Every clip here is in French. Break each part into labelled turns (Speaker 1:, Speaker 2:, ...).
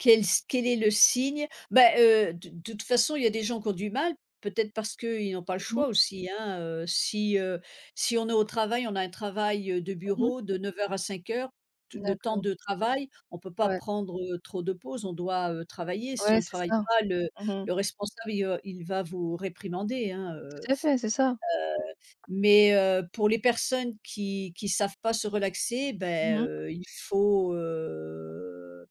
Speaker 1: Quel s quel est le signe, heu, bah, heu, d de toute façon, il y a des gens qu'ont du mal, peut-être parce qu'ils n'ont pas le
Speaker 2: Mmh mh.
Speaker 1: choix aussi, hein, heu, si, heu, si on est au travail, on a un travail, heu, de
Speaker 2: Mmh mh.
Speaker 1: bureau de 09:00 à 17:00, t le temps
Speaker 2: D'accord.
Speaker 1: de travail, on peut pas
Speaker 2: Ouais.
Speaker 1: prendre, heu, trop de pauses, on doit, heu, travailler. Si
Speaker 2: Ouais,
Speaker 1: on
Speaker 2: c'est
Speaker 1: travaille
Speaker 2: ça.
Speaker 1: pas, le
Speaker 2: Mmh mh.
Speaker 1: le responsable, il v il va vous réprimander hein, heu heu,
Speaker 2: Tout à fait, c'est ça.
Speaker 1: mais, heu, pour les personnes qui qui savent pas se relaxer, bah,
Speaker 2: Mmh.
Speaker 1: heu, il faut, heu,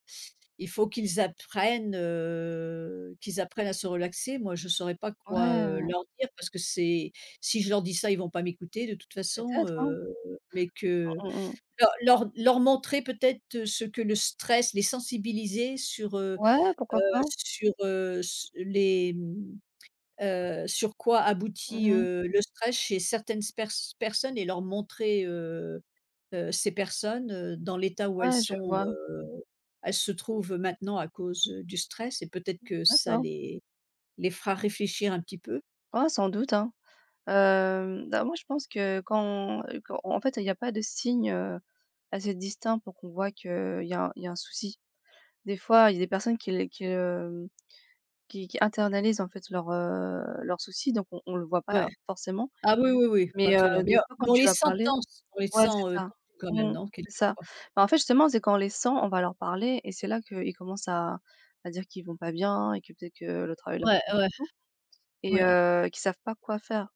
Speaker 1: il faut qu'ils apprennent, heu, qu'ils apprennent à se relaxer. Moi je saurais pas
Speaker 2: Ouais,
Speaker 1: quoi, heu,
Speaker 2: heu
Speaker 1: leur dire parce que c'est si je leur dis ça, ils vont pas m'écouter de toute façon,
Speaker 2: Peut-être, hein.
Speaker 1: heu, mais que
Speaker 2: Mmh mmh mh.
Speaker 1: leur leur leur montrer peut-être ce que le stress, les sensibiliser sur, heu
Speaker 2: Ouais, pourquoi
Speaker 1: heu,
Speaker 2: pas.
Speaker 1: sur, heu, s les, hem, heu, sur quoi aboutit,
Speaker 2: Mmh.
Speaker 1: heu, le stress chez certaines sper personnes et leur montrer, heu heu, ces personnes, heu, dans l'état où elles
Speaker 2: Ouais, je
Speaker 1: sont,
Speaker 2: vois.
Speaker 1: heu, elles se trouvent, heu, maintenant à cause, heu, du stress et peut-être
Speaker 2: Mmh.
Speaker 1: que ça
Speaker 2: D'accord.
Speaker 1: les les fera réfléchir un petit peu?
Speaker 2: Ah, sans doute, hein. Hem, bah, moi je pense que, quand, heu, quand en fait il y a pas de signe, heu, assez distinct pour qu'on voit qu'il y a il y a un souci. Des fois il y a des personnes qui l qui le, hem, qui qui internalisent en fait leurs, heu, leurs soucis, donc on on le voit pas
Speaker 1: Ouais.
Speaker 2: forcément.
Speaker 1: Ah oui, oui, oui, pas
Speaker 2: Mais,
Speaker 1: tout
Speaker 2: heu,
Speaker 1: à l'heure,
Speaker 2: des
Speaker 1: bien,
Speaker 2: fois
Speaker 1: mais
Speaker 2: quand
Speaker 1: on
Speaker 2: tu
Speaker 1: les
Speaker 2: vas parler
Speaker 1: sentences, on les
Speaker 2: ouais
Speaker 1: sent,
Speaker 2: c'est
Speaker 1: heu, tendus
Speaker 2: ça,
Speaker 1: peu quand même
Speaker 2: mmh,
Speaker 1: non?
Speaker 2: c'est ça.
Speaker 1: Quelquefois
Speaker 2: Bah, en fait, justement, c'est quand on les sent, on va leur parler et c'est là, qu'ils commencent à à dire qu'ils vont pas bien et que peut-être que le travail leur
Speaker 1: Ouais,
Speaker 2: stress et
Speaker 1: ouais.
Speaker 2: tout et
Speaker 1: Ouais.
Speaker 2: heu, qu'ils savent pas quoi faire.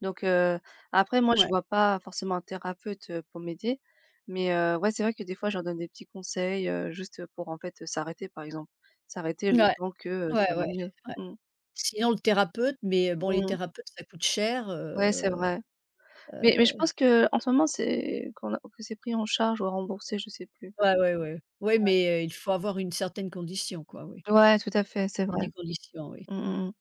Speaker 2: Donc heu, après moi je
Speaker 1: Ouais.
Speaker 2: vois pas forcément un thérapeute, heu, pour m'aider, mais, heu ouais c'est vrai que des fois je leur donne des petits conseils, heu, juste, heu, pour en fait, heu, s'arrêter, par exemple. S'arrêter le
Speaker 1: Mouais,
Speaker 2: temps que, heu,
Speaker 1: ouais,
Speaker 2: ça va
Speaker 1: ouais,
Speaker 2: mieux
Speaker 1: ouais.
Speaker 2: mmh.
Speaker 1: Sinon le thérapeute, mais, heu, bon
Speaker 2: Mmh
Speaker 1: les
Speaker 2: mh.
Speaker 1: thérapeutes, ça coûte cher,
Speaker 2: Ouais c'est
Speaker 1: heu
Speaker 2: vrai. Mais mais je
Speaker 1: heu
Speaker 2: pense qu'en ce moment, c'est qu'on a que c'est pris en charge ou remboursé, je sais plus ouais.
Speaker 1: Ouais, ouais, ouais. Ouais, mais, heu, il faut avoir une certaine condition quoi, oui.
Speaker 2: Ouais, tout à fait, c'est
Speaker 1: Il
Speaker 2: vrai.
Speaker 1: y a des conditions, oui.
Speaker 2: Mmh mmh mh.